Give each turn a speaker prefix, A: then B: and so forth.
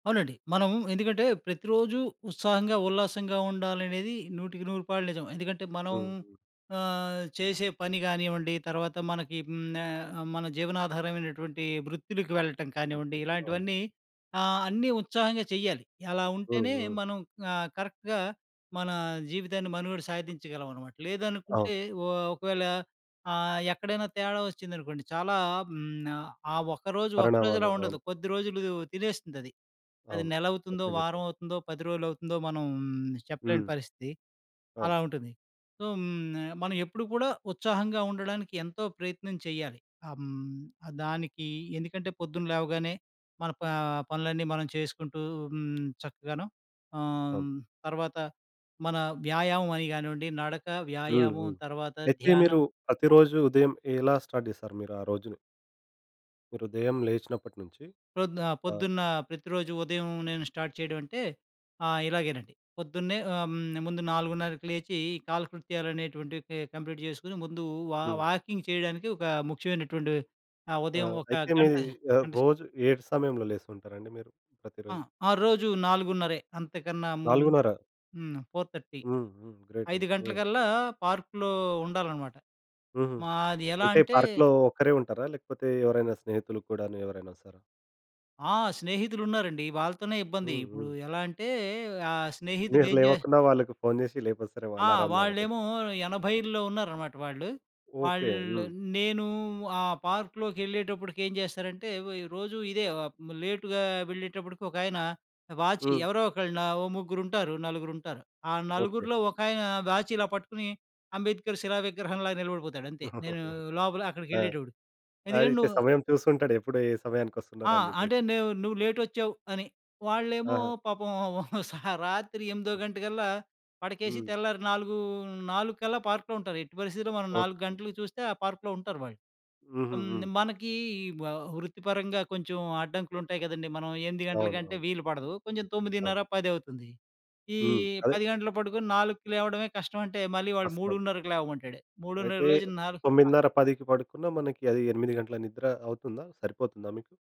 A: అవునండి. మనము ఎందుకంటే ప్రతిరోజూ ఉత్సాహంగా ఉల్లాసంగా ఉండాలనేది నూటికి నూరుపాళ్లు నిజం. ఎందుకంటే మనం
B: హుహు.
A: ఆహ్, చేసే పని కానివ్వండి. తర్వాత మనకి హ్మ్, ఆహ్, మన జీవనాధారమైనటువంటి వృత్తులకు వెళ్ళటం కానివ్వండి.
B: వృత్తి. అవును.
A: ఇలాంటివన్నీ ఆహ్, అన్నీ ఉత్సాహంగా చెయ్యాలి. ఎలా ఉంటేనే
B: హుహు.
A: మనం ఆహ్, కరెక్ట్‌గా మన జీవితాన్ని మనుగడ సాధించగలం అన్నమాట.
B: అవును.
A: లేదనుకుంటే ఓ ఒకవేళ ఆహ్, ఎక్కడైనా తేడా వచ్చిందనుకోండి, చాలా హ్, ఆ ఒక్కరోజు ఒక్కరోజులా
B: పరిణామాలు
A: ఉండదు.
B: అవును.
A: కొద్ది రోజులు తినేస్తుందది. అది
B: అవును.
A: నెలవుతుందో,
B: కరెక్ట్‌గా చెప్పారు.
A: వారం అవుతుందో 10 రోజులవుతుందో మనం చెప్పలేని
B: హ్మ్.
A: పరిస్థితి.
B: అవును.
A: అలా ఉంటుంది. సో, హ్మ్, న మనం ఎప్పుడు కూడా ఉత్సాహంగా ఉండడానికి ఎంతో ప్రయత్నం చేయాలి. ఆహ్, హ్మ్, దానికి ఎందుకంటే పొద్దున లేవగానే మన ప పనులన్నీ మనం చేసుకుంటూ హ్మ్, చక్కగాను
B: అవును.
A: ఆహ్, తర్వాత మన వ్యాయామం అని కానివ్వండి. నడక,
B: హుహు.
A: వ్యాయామం తర్వాత
B: అయితే మీరు
A: ధ్యానం.
B: ప్రతిరోజు ఉదయం ఎలా స్టార్ట్ చేస్తారు మీరు ఆ రోజుని? మీరు ఉదయం లేచినప్పటినుంచి
A: ప్రొద్దు ఆహ్,
B: ఆ!
A: పొద్దున్న ప్రతిరోజు ఉదయం నేను స్టార్ట్ చేయడం అంటే, ఆహ్, ఇలాగేనండి. పొద్దున్నే ఆహ్, హ్మ్, ముందు 4:30కి లేచి కాలకృత్యాలు అనేటువంటివి కె కంప్లీట్ చేసుకొని ముందు వా
B: హ్మ్.
A: వాకింగ్ చేయడానికి ఒక ముఖ్యమైనటువంటి ఆహ్,
B: ఆ!
A: ఉదయం ఒక
B: అయితే
A: గంట
B: మీది ఆహ్,
A: గంటసే
B: రోజు ఏడు సమయంలో లేస్తుంటారండి మీరు.
A: ఆ!
B: ప్రతిరోజు.
A: ఆ! రోజు నాలుగున్నరే. అంతకన్నా ముందు
B: 4:30
A: హ్మ్. 4:30
B: హ్మ్. హ్మ్. గ్రేట్
A: 5
B: అండి. హ్మ్.
A: గంటలకల్లా పార్క్‌లో ఉండాలన్నమాట.
B: హుహు.
A: మాది ఎలా
B: అంటే
A: అంటే
B: పార్క్‌లో ఒక్కరే ఉంటారా? లేకపోతే ఎవరైనా స్నేహితులు కూడాను ఎవరైనొస్తారా?
A: ఆ! స్నేహితులున్నారండి. వాళ్ళతోనే ఇబ్బంది.
B: హ్మ్,
A: ఇప్పుడు
B: హ్మ్.
A: ఎలా అంటే ఆ
B: మీరు
A: స్నేహితుడేం చే
B: లేవకున్నా వాళ్ళకి ఫోన్ చేసి లేపిస్తారేమో
A: ఆ!
B: అలారంలాగా రోజు.
A: వాళ్ళేమో 80ల్లో ఉన్నారన్నమాట వాళ్ళు.
B: ఓకే.
A: వాళ్ళు
B: హ్మ్.
A: నేను ఆ పార్క్‌లోకెళ్ళేటప్పటికి ఏం చేస్తారంటే, వ రోజు ఇదే లేటుగా వెళ్ళేటప్పటికి ఒకాయన వాచి
B: హ్మ్.
A: ఎవరో ఒకళ్ళు, ఓ ముగ్గురుంటారు. నలుగురుంటారు. ఆ
B: ఓకే.
A: నలుగురిలో ఒకాయన వాచ్ ఇలా పట్టుకుని అంబేద్కర్ శిలా విగ్రహంలాగా నిలబడిపోతాడంతే. నేను లోపల
B: ఆ!
A: అక్కడికెళ్ళేటప్పుడు.
B: ఆ!
A: ఎందుకంటే
B: ఇంత
A: నువ్వు
B: సమయం చూస్తుంటాడు, ఎప్పుడు ఏ సమయానికి
A: ఆ!
B: వస్తున్నారు అని చెప్పేసి.
A: అంటే నువ్వు, నువ్వు లేటోచ్చావు అని. వాళ్ళేమో
B: ఆహా!
A: పాపం సా రాత్రి ఎనిమిదో గంటకల్లా పడకేసి,
B: హ్మ్.
A: తెల్లారి నాలుగు 4 పార్క్‌లో ఉంటారు. ఎట్టి పరిస్థితిలో మనం 4
B: ఓకే.
A: గంటలకి చూస్తే ఆ పార్క్‌లో ఉంటారు వాళ్ళు. ఆహ్, హ్మ్,
B: హుహుహు.
A: మనకి వ వృత్తిపరంగా కొంచెం అడ్డంకులు ఉంటాయి కదండీ! మనం 8 గంటల
B: అవును.
A: కంటే
B: అవును.
A: వీలుపడదు. కొంచెం
B: అవును.
A: 9:30 పదవుతుంది. ఈ
B: హ్మ్. అదే!
A: 10 గంటలకు పడుకొని 4కి లేవడమే కష్టం అంటే మళ్ళీ వాడు
B: అస్సలు.
A: 3:30కి లేవమంటాడు.
B: అయితే
A: 3:30కి లేచి 4 ఆ!
B: 9:30, 10కి పడుకున్నా మనకి అది 8 గంటల నిద్ర అవుతుందా, సరిపోతుందా మీకు?